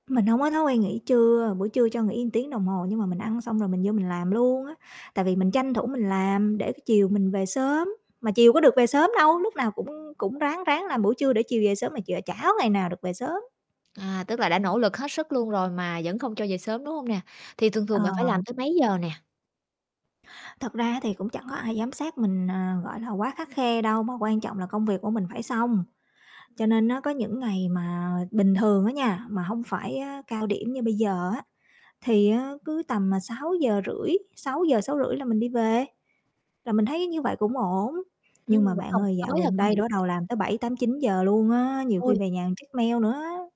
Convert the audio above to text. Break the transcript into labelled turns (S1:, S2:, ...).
S1: Mình hông có thói quen nghỉ trưa, buổi trưa cho nghỉ một tiếng đồng hồ, nhưng mà mình ăn xong rồi mình vô mình làm luôn á, tại vì mình tranh thủ mình làm để, cái, chiều mình về sớm. Mà chiều có được về sớm đâu, lúc nào cũng cũng ráng ráng làm buổi trưa để chiều về sớm mà ch chả có ngày nào được về sớm.
S2: À, tức là đã nỗ lực hết sức luôn rồi mà vẫn không cho về sớm, đúng hông nè? Thì thường
S1: Ờ.
S2: thường bạn phải làm tới mấy giờ nè?
S1: Thật ra á thì cũng chẳng có ai giám sát mình, à, gọi là, quá khắt khe đâu mà quan trọng là công việc của mình phải xong. Cho
S2: [unintelligible]
S1: nên á có những ngày mà bình thường á nha, mà hông phải á cao điểm như bây giờ á thì á cứ tầm, à, 6:30, 6:00-6:30 là mình đi về, là mình thấy như vậy cũng ổn.
S2: Ừm,
S1: Nhưng mà
S2: vẫn
S1: bạn
S2: còn
S1: ơi dạo
S2: tối là
S1: gần
S2: công
S1: đây là bắt
S2: việc
S1: đầu làm tới 7:00, 8:00, 9:00 luôn á, nhiều khi
S2: Ôi!
S1: về nhà check mail nữa á.